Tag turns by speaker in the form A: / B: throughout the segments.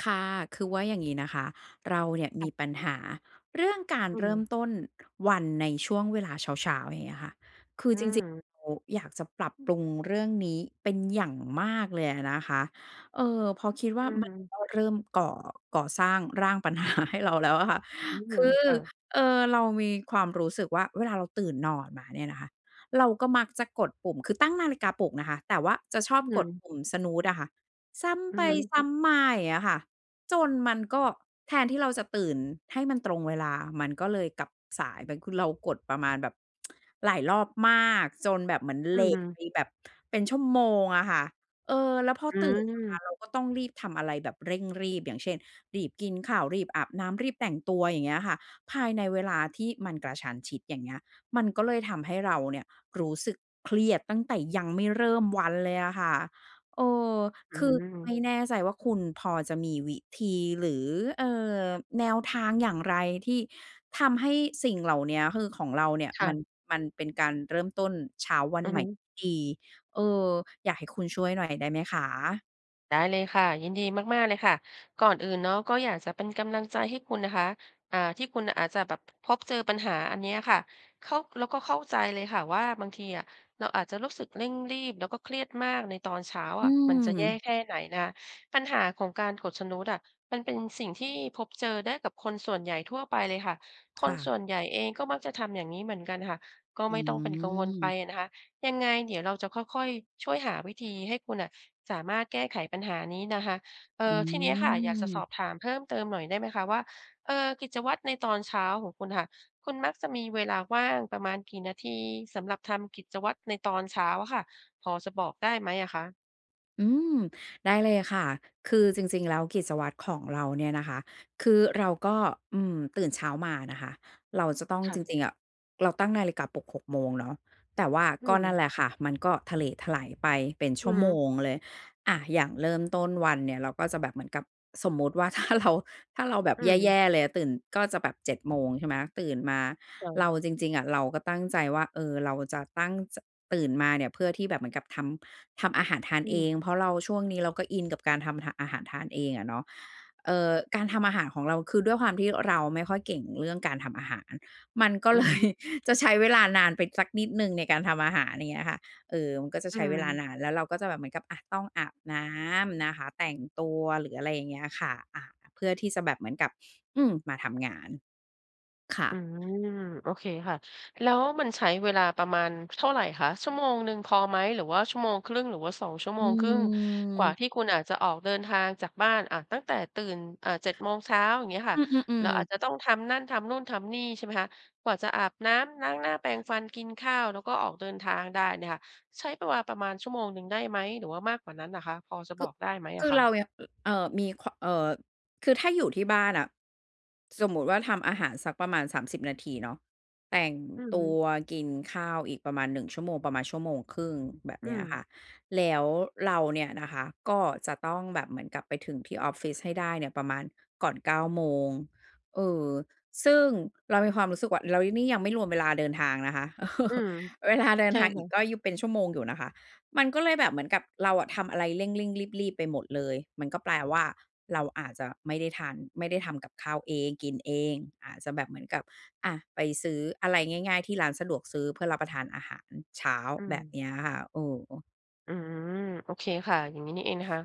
A: ค่ะ คือว่าอย่างงี้นะคะ เราเนี่ย
B: ค
A: ม
B: ่
A: ี
B: ะ
A: ปัญหา เรื่องการ
B: อื
A: เริ่ม
B: ม
A: ต้น วันในช่วงเวลาเช้า ๆ อย่างเงี้ยค่ะ คือ
B: อื
A: จริง
B: ม
A: ๆ เราอยากจะปรับปรุงเรื่องนี้เป็นอย่างมากเลยอะนะคะ เอ่อ พอคิดว่
B: อ
A: า
B: ือ
A: มั
B: ฮ
A: น
B: ึ
A: ก็เริ่มก่อ ก่อสร้างร่าง ปัญหาให้เรา แล้วอะค่ะ
B: อื
A: ค
B: ม
A: ือ
B: ค่ะ
A: เอ่อ เรามีความรู้สึกว่า เวลาเราตื่นนอนมาเนี่ยนะคะ เราก็มักจะกดปุ่ม คือตั้งนาฬิกาปลุกนะคะ แต่ว่าจะชอ
B: อ
A: บ
B: ื
A: กด
B: ม
A: ปุ่ม snooze อะค่ะ ซ้
B: อื
A: ำไป
B: อฮึ
A: ซ้ำมา อย่างเงี้ยค่ะ จนมันก็แทนที่เราจะตื่นให้มันตรงเวลา มันก็เลยกลับสายไป คือเรากดประมาณแบบ หลายรอบมากจนแบบเหมือน
B: อ
A: เ
B: ื
A: ล
B: อฮ
A: ต
B: ึ
A: ไปแบบ เป็นชั่วโมงอะค่ะ เออ แล้วพอ
B: อื
A: ตื่นมา
B: ม
A: เราก็ต้องรีบทำอะไรแบบ เร่งรีบ อย่างเช่น รีบกินข้าว รีบอาบน้ำ รีบแต่งตัว อย่างเงี้ยค่ะ ภายในเวลาที่มันกระชั้นชิด อย่างเงี้ย มันก็เลยทำให้เราเนี่ยรู้สึกเครียดตั้งแต่ยังไม่เริ่มวันเลยอะค่ะ เออ
B: อื
A: ค
B: ้อ
A: ื
B: ฮื
A: อไม่
B: อ
A: แน่ใจว่า คุณพอจะมีวิธีหรือ เอ่อ แนวทางอย่างไรที่ทำให้สิ่ง เหล่าเนี้ย คือของเราเนี่ย
B: ค่
A: ม
B: ะ
A: ัน มันเป็นการเริ่มต้นเช้าวั
B: อ
A: น
B: ือ
A: ให
B: ฮ
A: ม่
B: ึ
A: ที่ดี เออ อยากให้คุณช่วยหน่อยได้ไหมคะ?
B: ได้เลยค่ะ ยินดีมาก ๆ เลยค่ะ ก่อนอื่นเนาะ ก็อยากจะเป็น กำลังใจให้คุณนะคะ อ่า ที่คุณอาจจะแบบ พบเจอปัญหาอันเนี้ยค่ะ เข้า เราก็เข้าใจเลยค่ะว่า บางทีอะเราอาจจะรู้สึกเร่งรีบแล้วก็เครียดมากในตอนเช้า
A: อื
B: อะ มันจะแย่
A: ม
B: แค่ไหนนะคะ ปัญหาของการกด snooze อะ มันเป็นสิ่งที่พบเจอ ได้กับคนส่วนใหญ่ทั่วไปเลยค่ะ ค
A: ค่
B: นส
A: ะ
B: ่วนใหญ่เองก็มักจะทำอย่างงี้เหมือนกันค่ะ ก็
A: อื
B: ไม่ต้องเป็นกังวลไป
A: ม
B: อะนะคะ ยังไง เดี๋ยวเราจะค่อย ๆ ช่วยหาวิธีให้คุณน่ะสามารถแก้ไขปัญหานี้นะคะ เอ
A: อ
B: ่อ ทีเนี้ยค่ะ อยากจะส
A: ืม
B: อบถามเพิ่มเติมหน่อยได้ไหมคะว่า เอ่อ กิจวัตรในตอนเช้าของคุณน่ะค่ะ คุณมักจะมีเวลาว่างประมาณกี่นาที สำหรับทำกิจวัตรในตอนเช้าอะค่ะ? พอจะบอกได้ไหมอะคะ?
A: อืม ได้เลยค่ะ คือจริง ๆ แล้วกิจวัตรของเราเนี่ย นะคะ คือเราก็ อืม ตื่นเช้ามานะคะ เราจะต้อง
B: ค่
A: จ
B: ะ
A: ริง ๆ อะ เราตั้งนาฬิกาปลุก 6 โมงเนาะ แต่ว่า
B: อื
A: ก็นั่นแ
B: ม
A: หละค่ะ มันก็เถล ไถลไปเป็นช
B: อ
A: ั
B: ื
A: ่ว
B: อฮ
A: โม
B: ึ
A: งเลย อะ อย่างเริ่มต้นวันเนี่ย เราก็จะแบบเหมือนกับสมมุติว่า ถ้าเรา ถ้าเราแบบ
B: อื
A: แย
B: ม
A: ่ ๆ เลยอะ ตื่นก็จะแบบ 7 โมง ใช่ไหม ตื่นมาเรา
B: [unintelligible]
A: จริง ๆ อะ เราก็ตั้งใจว่า เออ เราจะตั้ง จ ตื่นมาเนี่ยเพื่อที่แบบเหมือนกับทำ ทำอาหารทาน
B: อื
A: เอ
B: ม
A: ง เพราะเราช่วงนี้ เราก็อินกับการทำ ห อาหารทานเองอะเนาะ เอ่อ การทำอาหารของเรา คือด้วยความที่เราไม่ค่อยเก่งเรื่องการทำอาหาร มันก็
B: อื
A: เ
B: อ
A: ล
B: ฮ
A: ย
B: ึ
A: จะใช้เวลานานไปสักนิดหนึ่งในการทำอาหาร อย่างเงี้ยค่ะ เออ มันก็จะ
B: อ
A: ใ
B: ื
A: ช้เวลา
B: ม
A: นาน แล้วเราก็จะแบบเหมือนกับ อะ ต้องอาบน้ำนะคะ แต่งตัว หรืออะไรอย่างเงี้ยค่ะ อะ เพื่อที่จะแบบเหมือนกับ อืม มาทำงาน ค่ะ
B: อืม โอเคค่ะ แล้วมันใช้เวลาประมาณเท่าไรคะ? ชั่วโมงหนึ่งพอไหม? หรือว่า 1.5 ชั่วโมง หรือว่า สองชั่วโ
A: อื
B: มงครึ่ง? กว่า
A: อ
B: ที่คุณอาจจะออกเดินทางจากบ้าน อะ ตั้งแต่ตื่น อ่า 7 โมงเช้า อย่างเงี้ยค
A: อ
B: ่
A: ื
B: ะ แล้
A: อ
B: วอ
A: ๆ ๆ
B: าจจะต้องทำนั่นทำนู่นทำนี่ ใช่ไหมคะ กว่าจะอาบน้ำ ล้างหน้า แปรงฟัน กินข้าว แล้วก็ออกเดินทางได้เนี่ยค่ะ ใช้เวลา ประมาณชั่วโมงหนึ่งได้ไหม? หรือว่ามากกว่านั้นเหรอคะ พอจะ
A: ค
B: บ
A: ึ
B: อกได้ไหมอ
A: คื
B: ะ
A: อ
B: ค
A: เร
B: ะ?
A: าเนี่ย เอ่อ มีควา เอ่อ คือถ้าอยู่ที่บ้านน่ะ สมมุติว่าทำอาหารสักประมาณ 30 นาทีเนาะ แต่ง
B: อือ
A: ต
B: ฮ
A: ั
B: ึ
A: วกินข้าวอีกประมาณ 1 ชั่วโมง ประมาณ 1.5 ชั่วโมง แบบ
B: อื
A: เนี้ยค่
B: ม
A: ะ แล้วเราเนี่ยนะคะ ก็จะต้องแบบเหมือนกับไปถึงที่ออฟฟิศให้ได้เนี่ยประมาณก่อน 9 โมง เออ ซึ่ง เรามีความรู้สึกว่า แล้วนี่ นี่ยังไม่รวมเวลาเดินทางนะคะ เออ
B: อืม
A: เวลาเดิน
B: ใช่
A: ทาง
B: ค
A: อ
B: ่
A: ีก
B: ะ
A: ก็ [unintelligible] เป็นชั่วโมงอยู่นะคะ มันก็เลยแบบเหมือนกับเราอะทำอะไรเร่ง ๆ รีบ ๆ ไปหมดเลย มันก็แปล ว่า เราอาจจะไม่ได้ทาน ไม่ได้ทำกับข้าวเอง กินเอง อาจจะแบบเหมือนกับ อะ ไปซื้ออะไรง่าย ๆ ที่ร้านสะดวกซื้อ เพื่อรับประทานอาหารเช้า
B: อื
A: แบบ
B: ม
A: เนี้ยค่ะ เออ
B: อืม โอเคค่ะ อย่างงี้นี่เองนะคะ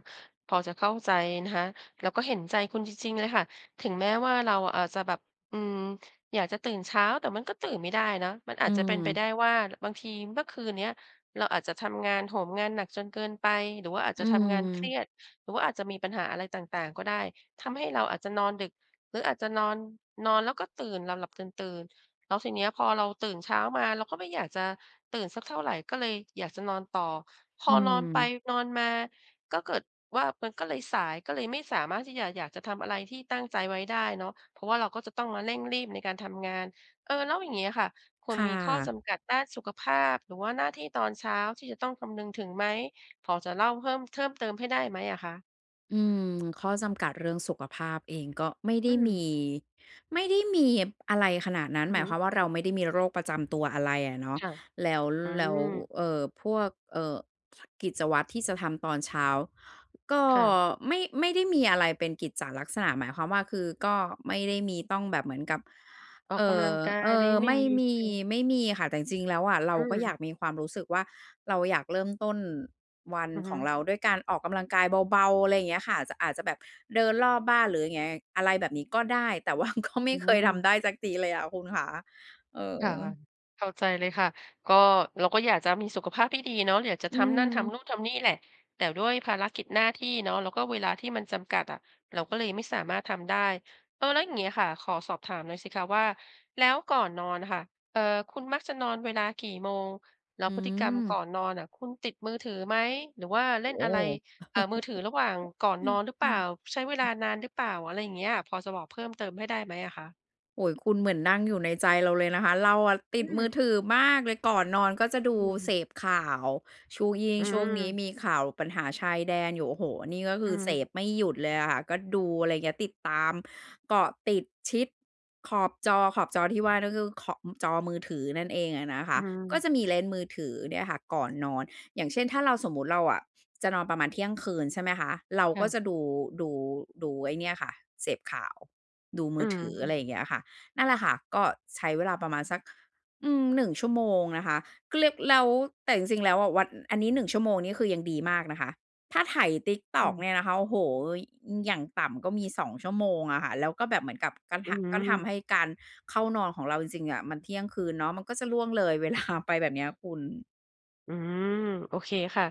B: พอจะเข้าใจนะคะ เราก็เห็นใจคุณจริง ๆ เลยค่ะ ถึงแม้ว่าเราอาจจะแบบ อืม อยากจะตื่นเช้า แต่มันก็ตื่นไม่ได้เนาะ มันอ
A: อื
B: าจจะเป็นไปไ
A: ม
B: ด้ว่า บางทีเมื่อคืนเนี้ยเราอาจจะทำงานโหมงานหนักจนเกินไป หรือว่าอาจ
A: อ
B: จ
A: ื
B: ะทำงานเครี
A: ม
B: ยด หรือว่าอาจจะมีปัญหาอะไร ต่าง ๆ ก็ได้ ทำให้เราอาจจะนอนดึก หรืออาจจะนอน นอนแล้วก็ตื่น หลับ ๆ ตื่น ๆ แล้วทีนี้อะพอเราตื่นเช้ามา เราก็ไม่อยากจะตื่น สักเท่าไร ก็เลยอยากจะนอนต่อ พ
A: อ
B: อ
A: ื
B: นอนไป
A: ม
B: นอนมาก็เกิดว่ามันก็เลยสาย ก็เลยไม่สามารถที่จะ อยากจะทำอะไรที่ตั้งใจไว้ได้เนาะ เพราะว่าเราก็จะต้องมาเร่งรีบในการทำงาน เอ่อ แล้วอย่างงี้อะค่ะ คุ
A: ค
B: ณ
A: ่
B: มีข้อจ
A: ะ
B: ำกัดด้านสุขภาพ หรือว่าหน้าที่ตอนเช้าที่จะต้องคำนึงถึงไหม พอจะเล่าเพิ่ม เพิ่ม เติมให้ได้ไหมอะคะ?
A: อืม ข้อจำกัดเรื่องสุขภาพเองก็ไม่ได
B: อื
A: ้ม
B: ม
A: ี ไม่ได้มีเห็บ อะไรขนาดนั้น
B: อื
A: หม
B: อ
A: า
B: ฮ
A: ยควา
B: ึ
A: มว่าเราไม่ได้มี โรคประจำตัวอะไรอะเนาะ
B: ค่ะ
A: แล้ว
B: อื
A: แล้ว
B: ม
A: เอ่อ พวก เอ่อ กิจวัตรที่จะทำตอนเช้า ก็
B: ค่ะ
A: ไม่ ไม่ได้มีอะไรเป็นกิจจะลักษณะ หมายความว่า คือก็ไม่ได้มีต้องแบบเหมือนกับ
B: ออ
A: เ
B: ก
A: อ
B: ก
A: ่
B: ำล
A: อ
B: ังกา
A: เอ
B: ย
A: ่
B: นี้
A: อ
B: ไม่
A: ไม่
B: มี
A: ม
B: ใช่
A: ี
B: ไหม?
A: ไม่มีค่ะ แต่ จริง ๆ แล้วอะเรา
B: อื
A: ก็อยา
B: ม
A: ก มีความรู้สึกว่า เราอยากเริ่ม ต้น วัน
B: อือ
A: ข
B: ฮึ
A: อง เราด้วยการออกกำลังกายเบา ๆ อะไรเงี้ยค่ะ จะ อาจจะแบบเดินรอบบ้านหรือยังไง อะไรแบบนี้ก็ได้ แต่ว่าก็ไม
B: อื
A: ่
B: ้อ
A: เ
B: ฮ
A: คย ท
B: ือ
A: ำได้สักทีเลยอะคุณขา เอ
B: ค่ะ
A: อ
B: เข้าใจเลยค่ะ ก็ เราก็อยากจะมีสุขภาพที่ดีเนาะ อยากจะ
A: อื
B: ทำนั่นทำน
A: ม
B: ู่นทำนี่แหละ แต่ด้วย ภารกิจหน้าที่เนาะ แล้วก็เวลาที่มันจำกัดอะ เราก็เลยไม่สามารถทำได้ เอ่อ แล้วอย่างงี้อะค่ะ ขอสอบถามหน่อยสิคะว่า แล้วก่อนนอนน่ะค่ะ เอ่อ คุณมักจะนอนเวลากี่โมง? แล้
A: อื
B: วพฤติกรรมก่
A: ม
B: อนนอนน่ะ คุณติดมือถือไหม? หรือว่า
A: โ
B: เ
A: อ
B: ล่
A: ้
B: น
A: โ
B: อะไร อ่า มือถือระหว่างก่อนนอนหรือ
A: ฮ
B: เปล่า? ใช้ เวลานานหรือเปล่า? อะไรอย่างเงี้ย พอจะบอก เพิ่มเติมให้ได้ไหมอะคะ?
A: โอ้โฮ คุณเหมือนนั่งอยู่ในใจ เราเลยนะคะ เราอะติ
B: อื
A: ดมือถ
B: ม
A: ือมากเลย ก่อนนอนก็จะดู
B: อ
A: เ
B: ื
A: ส
B: ม
A: พข่าว ช่วงนิ ยิ่ง
B: อื
A: ช่วงนี้
B: ม
A: มีข่าวปัญหาชายแดนอยู่ โอ้โฮ นี่ก็ค
B: อ
A: ื
B: ื
A: อเสพ
B: ม
A: ไม่หยุด เลยอะค่ะ ก็ดู อะไรเงี้ย ติดตาม เกาะติดชิดขอบจอ ขอบจอที่ว่าก็คือ ข อ จอมือถือนั่นเองอะนะค
B: อื
A: ะ ก็
B: ม
A: จะมีเล่นมือถือเนี่ยค่ะก่อนนอน อย่างเช่น ถ้าเรา สมมุติเราอะจะนอนประมาณเที่ยงคืน ใช่ไหมคะ เรา
B: ค่
A: ก็
B: ะ
A: จะดู ดู ดูไอ้เนี่ยค่ะ เสพข่าว ดูมื
B: อื
A: อ
B: ม
A: ถือ
B: อื
A: อะ
B: อ
A: ไรอย่างเงี้ยค่ะ นั่นแหละค่ะ ก็ใช้เวลาประมาณสัก อือ 1 ชั่วโมงนะคะ ก็เรียกแล้ว แต่จริง ๆ แล้ว อะ วัน อันนี้ 1 ชั่วโมงนี้คือยังดีมากนะคะ ถ้าไถ
B: อื
A: TikTok
B: ม
A: เนี่ยนะคะ โอ้โฮ ว อย่างต่ำก็มี 2 ชั่วโมงอะค่ะ แล้วก็แบบเหมือนกับ ก
B: อ
A: ำท
B: ื
A: ะ ก็ทำ
B: ม
A: ให้การเข้านอนของเราจริง ๆ อะมันเที่ยงคืนเนาะ มันก็จะล่วงเลย เวลา ไปแบบเนี้ยคุณ
B: อืม โอเคค่ะ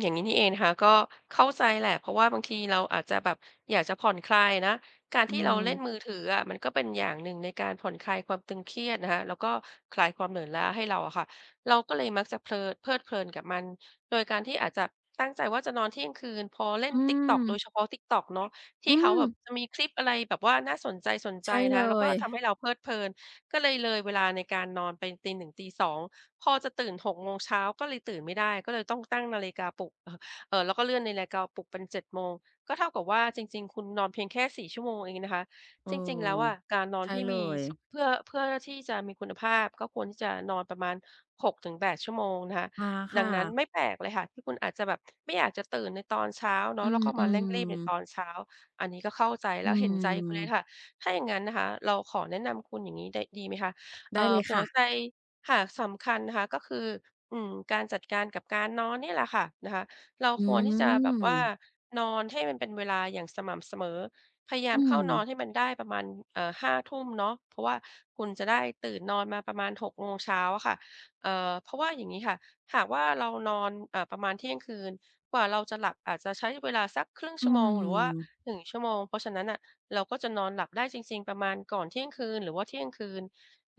B: อย่างงี้นี่เองนะคะ ก็เข้าใจแหละ เพราะว่าบางทีเราอาจจะแบบ อยากจะผ่อนคลายอะนะ การ
A: อื
B: ที่เราเล่น
A: ม
B: มือถืออะ มันก็เป็นอย่างหนึ่ง ในการผ่อนคลายความตึงเครียดนะคะ แล้วก็คลายความเหนื่อยล้าให้เรา อะค่ะ เราก็เลยมักจะเพลิน เพลิดเพลินกับมัน โดยการที่อาจจะตั้งใจว่า จะนอนเที่ยงคืน พอเล่
A: อ
B: น
A: ื
B: TikTok โด
A: ม
B: ยเฉพาะ TikTok เนาะ ท
A: อ
B: ี
A: ื
B: ่เขาแบ
A: ม
B: บจะมีคลิปอะไรแบบว่าน่าสน
A: ใ
B: ใ
A: ช
B: จ
A: ่
B: ๆ น
A: เล
B: ะคะ แล้วก็
A: ย
B: ทำให้เราเพลิดเพลิน ก็เลยเลยเวลาในการนอนไปตี 1 ตี 2 พอจะตื่น 6 โมงเช้าก็เลยตื่นไม่ได้ ก็เลยต้องตั้งนาฬิกาปลุก เอ่อ แล้วก็เลื่อนนาฬิกาปลุกเป็น 7 โมง ก็เท่ากับว่าจริง ๆ คุณนอนเพียงแค่ 4 ชั่วโมงเองนะคะ
A: เออ
B: จริง ๆ แล้วอะการนอ
A: ใช
B: น
A: ่
B: ที่
A: เล
B: มี
A: ย
B: ส เพื่อ เพื่อ ล ที่จะมีคุณภาพ ก็ควรที่จะนอนประมาณ 6 ถึง 8 ชั่วโมงนะคะ
A: อา ค
B: ดั
A: ่
B: งนั้นไม
A: ะ
B: ่แปลกเลยค่ะ ที่คุณอาจจะแบบ ไม่อยากจะตื่นในตอนเช้าเน
A: อ
B: า
A: ื
B: ะ แล้ว ก็มาเร่งรีบใน
A: ม ๆ
B: ตอนเช้า อันนี้ก็เข้าใจ
A: อ
B: และเห็นใจคุณเลย
A: ืม
B: ค่ะ ถ้าอย่างงั้นนะคะ เราขอแนะนำคุณอย่างงี้ได้ ดีไหมคะ
A: ไ
B: เอ
A: ด้
B: ่
A: เล
B: อ
A: ย
B: ห
A: ค
B: ัว
A: ่ะ
B: ใจ ค่ะ สำคัญนะคะ ก็คือ อืม การจัดการกับการนอนนี่แหละค่ะนะคะ เรา
A: อื
B: ควรที่จะแบบว่า
A: ม
B: นอนให้มันเป็นเวลาอย่างสม่ำเสมอ พยายา
A: อื
B: มเข้านอ
A: ม
B: นให้มันได้ประมาณ เอ่อ 5 ทุ่มเนาะ เพราะว่าคุณจะได้ตื่นนอนมาประมาณ 6 โมงเช้าอะค่ะ เอ่อ เพราะว่าอย่างงี้ค่ะ หากว่าเรานอน อ่า ประมาณเที่ยงคืน กว่าเราจะหลับอาจจะใช้เวลาสัก 0.5
A: อ
B: ช
A: ื
B: ั่วโมง หรือว่า หน
A: ม
B: ึ่ง ชั่วโมง เพราะฉะนั้นน่ะเราก็จะนอนหลับได้จริง ๆ ประมาณก่อนเที่ยงคืนหรือว่าเที่ยงคืน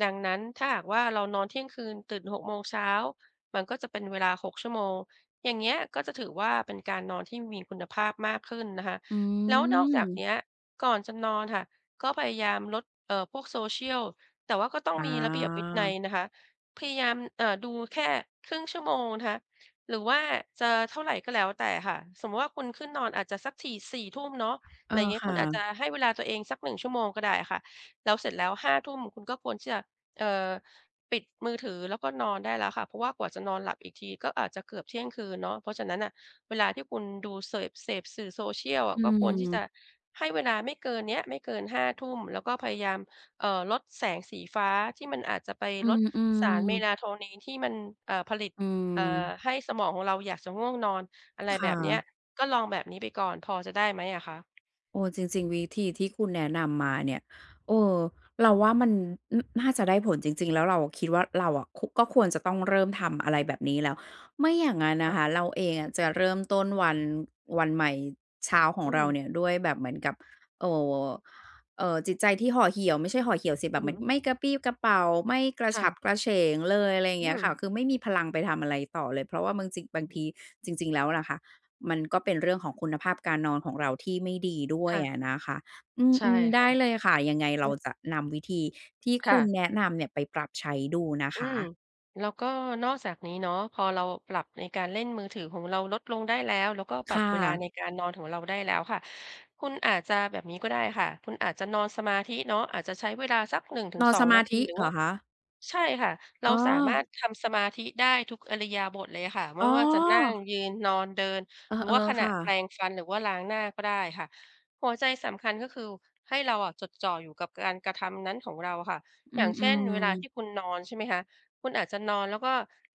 B: ดังนั้นถ้าหากว่า เรานอนเที่ยงคืน ตื่น 6 โมงเช้า มันก็จะเป็นเวลา 6 ชั่วโมง อย่างเงี้ยก็จะถือว่า เป็นการนอนที่มีคุณภาพมากขึ้นนะคะ
A: อื
B: แล้วนอกจากน
A: ม
B: ี้อะ ก่อนจะนอนค่ะ ก็พยายามลด เอ่อ พวก Social แต่ว่าก็ต้อง
A: อ
B: มีระเบียบวินั
A: า
B: ยนะคะ พยายาม เอ่อ ดูแค่ 0.5 ชั่วโมงนะคะ หรือว่าจะเท่าไรก็แล้วแต่ค่ะ สมมุติว่าคุณขึ้นนอนอาจจะสักถี่ 4 ทุ่มเนาะ
A: เอ
B: อะไ
A: อ
B: รเงี้
A: ค
B: ย ค
A: ่
B: ุณอาจจ
A: ะ
B: ะให้เวลาตัวเองสัก 1 ชั่วโมงก็ได้ค่ะ แล้วเสร็จแล้ว 5 ทุ่ม คุณก็ควรที่จะ เอ่อ ปิดมือถือ แล้วก็นอนได้แล้วค่ะ เพราะว่ากว่าจะนอนหลับอีกที ก็อาจจะเกือบเที่ยงคืนเนาะ เพราะฉะนั้นน่ะ เวลาที่คุณดูเสิร์ฟ เสพสื่อ Social อ
A: อื
B: ะ ก็ควรที่จ
A: ม
B: ะให้เวลาไม่เกินเนี้ย ไม่เกิน 5 ทุ่ม แล้วก็พยายาม เอ่อ ลดแสงสีฟ้า ที่มันอาจจะไป
A: อื
B: ลดสาร
A: ม ๆ
B: Melatonin ที่มัน เอ่อ ผลิต
A: อื
B: อ่า
A: ม
B: ให้สมองของเราอยากจะง่วงนอน อะไร
A: ค่
B: แบบเนี้ย
A: ะ
B: ก็ลองแบบนี้ไปก่อน พอจะได้ไหมอะคะ?
A: เออ จริง ๆ วิธีที่คุณแนะนำมาเนี่ย เออ เราว่ามันน่าจะได้ผลจริง ๆ แล้วเราคิดว่า เราอะ ค ก็ควรจะต้องเริ่มทำอะไรแบบนี้แล้ว ไม่อย่างงั้นน
B: ค่
A: ะ
B: ะ
A: คะ เราเองอะจะเริ่มต้นวัน วันใหม่เช้าของ
B: อื
A: เรา
B: ม
A: เนี่ย ด้วยแบบเหมือนกับ เอ่อ เอ่อ จิตใจที่ห่อเหี่ยว ไม่ใช่ห่อเหี่ยวสิ
B: อ
A: แบ
B: ื
A: บ
B: อ
A: เหม
B: ฮ
A: ือน
B: ึ
A: ไม่กระปรี้กระเปร่า ไม่กร
B: ค
A: ะฉ
B: ่
A: ั
B: ะ
A: บกระเฉงเลย อะไร
B: อื
A: เงี้ยค่
B: ม
A: ะ คือไม่มีพลังไปทำอะไรต่อเลย เพราะว่าบางจริง บาง
B: อ
A: ท
B: ือ
A: ี จริง ๆ แล้วอะนะคะ มันก็เป็นเรื่องของคุณภาพการนอนของเรา ที่ไม่ดีด้ว
B: ค
A: ย
B: ่ะ
A: อะนะคะ อ
B: ใช่
A: ืม ๆ ไ
B: ค
A: ด
B: ่
A: ้
B: ะ
A: เลยค่ะ ยังไงเ
B: อ
A: ร
B: ื
A: า
B: อ
A: จะนำวิธีที่
B: ค
A: ค
B: ่
A: ุณ
B: ะ
A: แนะนำเนี่ยไปปรับใช้ดูนะ
B: อื
A: คะ
B: ม แล้วก็นอกจากนี้เนาะ พอเราปรับในการเล่นมือถือของเราลดลงได้แล้ว แล้วก็ป
A: ค
B: รับ
A: ่
B: เวลา
A: ะ
B: ในการนอนของเราได้แล้วค่ะ คุณอาจจะ แบบนี้ก็ได้ค่ะ คุณอาจจะนอนสมาธิเนาะ อาจจะใช้เวลาสัก หนึ่งถึ
A: น
B: ง
A: อน
B: ส
A: ส
B: อง
A: ม
B: น
A: า
B: าท
A: ธ
B: ี
A: ิ
B: หรื
A: เ
B: อ
A: หร
B: ว่
A: อ
B: า
A: คะ?
B: ใช่ค่ะ เร
A: อ๋
B: าสามาร
A: อ
B: ถทำสมาธิได้ทุกอิริยาบถเลยอะค่ะ ไม
A: อ๋
B: ่ว่าจะนั่ง
A: อ
B: ยืน นอน เดิน
A: เออ
B: หรือว่าข
A: ๆ
B: ณ
A: ค
B: ะ
A: ่ะ
B: แปรงฟัน หรือว่าล้างหน้าก็ได้ค่ะ หัวใจสำคัญก็คือ ให้เราอะจดจ่ออยู่กับการกระทำนั้นของเราอะค่ะ
A: อื
B: อย่างเช่น
A: ม
B: เวลา
A: ๆ
B: ที่คุณนอน ใช่ไหมคะ คุณอาจจะนอน แล้วก็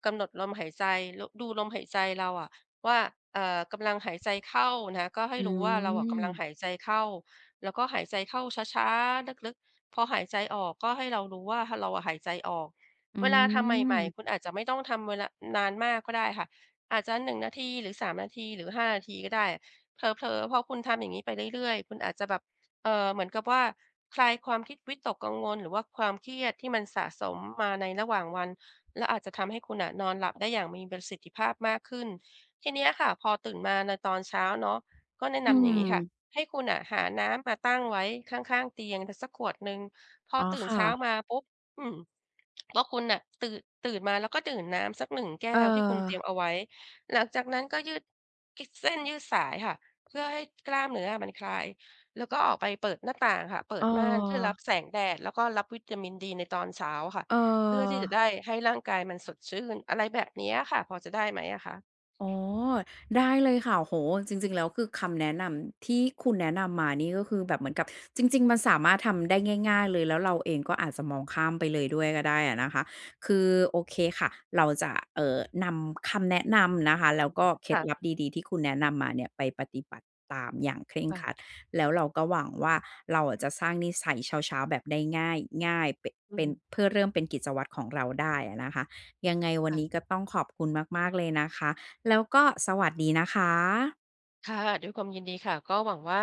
B: กำหนดลมหายใจ ล ดูลมหายใจเราอะว่า เอ่อ กำลังหายใจเข้านะ ก็ให้
A: อื
B: รู้ว่าเราอะกำลัง
A: ม
B: หายใจเข้า แล้วก็หายใจเข้าช้า ๆ ลึก ๆ พอหายใจออก ก็ให้เรารู้ว่า ห เราอะหายใจออก
A: อื
B: เวลาทำใหม่
A: ม
B: ๆ คุณอาจจะไม่ต้องทำเวลานานมากก็ได้ค่ะ อาจจะ 1 นาทีหรือ 3 นาที หรือ 5 นาทีก็ได้ เผลอ ๆ พอคุณทำอย่างงี้ไปเรื่อย ๆ คุณอาจจะแบบ เอ่อ เหมือนกับว่าคลายความคิดวิตกกังวล หรือว่าความเครียด ที่มันสะสมมาในระหว่างวัน และอาจจะทำให้คุณน่ะ นอนหลับได้อย่างมีประสิทธิภาพมากขึ้น ทีเนี้ยค่ะ พอตื่นมาในตอนเช้าเนาะ ก็แนะ
A: อ
B: น
A: ื
B: ำอย่างนี้ค่ะ
A: ม
B: ให้คุณน่ะหาน้ำมาตั้งไว้ข้าง ๆ เตียงสัก สักขวดหนึ่ง พอ
A: อ๋อ
B: ตื่
A: ค
B: น
A: ่
B: เช้า
A: ะ
B: มาปุ๊บ อืม ว่าคุณน่ะตื่น ตื่นมาแล้วก็ดื่มน้ำสัก 1 แก
A: เ
B: ้วที่คุณเตร
A: ออ
B: ียมเอาไว้ หลังจากนั้นก็ยืด กิ เส้นยืดสายค่ะ เพื่อให้ กล้ามเนื้ออะมันคลาย แล้วก็ออกไปเปิดหน้าต่าง ค่ะ เปิดม่านเพื่อรั
A: เออ
B: บแสงแดด แล้วก็รับวิตามินดีในตอนเช้าค่ะ
A: เ
B: เพื่อที่จะ
A: ออ
B: ได้ให้ร่างกายมันสดชื่น อะไรแบบนี้อะค่ะ พอจะได้ไหมอะคะ?
A: อ๋อ ได้เลยค่ะ โอ้โฮ จริง ๆ แล้ว คือคำแนะนำที่คุณแนะนำมานี่ ก็คือแบบเหมือนกับ จริง ๆ มันสามารถทำได้ง่าย ๆ เลย แล้วเราเองก็อาจจะมองข้ามไปเลยด้วยก็ได้อะนะคะ คือ โอเคค่ะ เราจะ เอ่อ นำคำแนะนำนะคะ แล้วก็เคล
B: ค
A: ็ด
B: ่ะ
A: ลับดี ๆ ที่คุณแนะนำมาเนี่ย ไปปฏิบัติตามอย่างเคร่ง
B: ค่
A: ค
B: ะ
A: รัด แล้วเราก็หวังว่า เราอะจะสร้างนิสัยเช้า ๆ แบบได้ง่าย ง่ายเป่ะ
B: อื
A: เป
B: อ
A: ็
B: ฮ
A: น
B: ึ
A: เพื่อเริ่มเป็นกิจวัตรของเราได้อะนะคะ ยังไง วั
B: ค
A: น
B: ่
A: นี
B: ะ
A: ้ก็ต้องขอบคุณมาก ๆ เลยนะคะ แล้วก็สวัสดีนะคะ
B: ค่ะ ด้วยความยินดีค่ะ ก็หวังว่า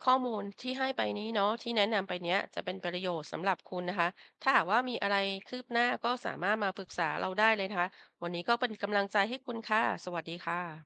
B: ข้อมูลที่ให้ไปนี้เนาะ ที่แนะนำไปเนี้ย จะเป็นประโยชน์สำหรับ คุณนะคะ ถ้าหากว่ามีอะไรคืบหน้า ก็สามารถมาปรึกษาเราได้เลยนะคะ วันนี้ก็เป็นกำลังใจให้คุณค่ะ สวัสดีค่ะ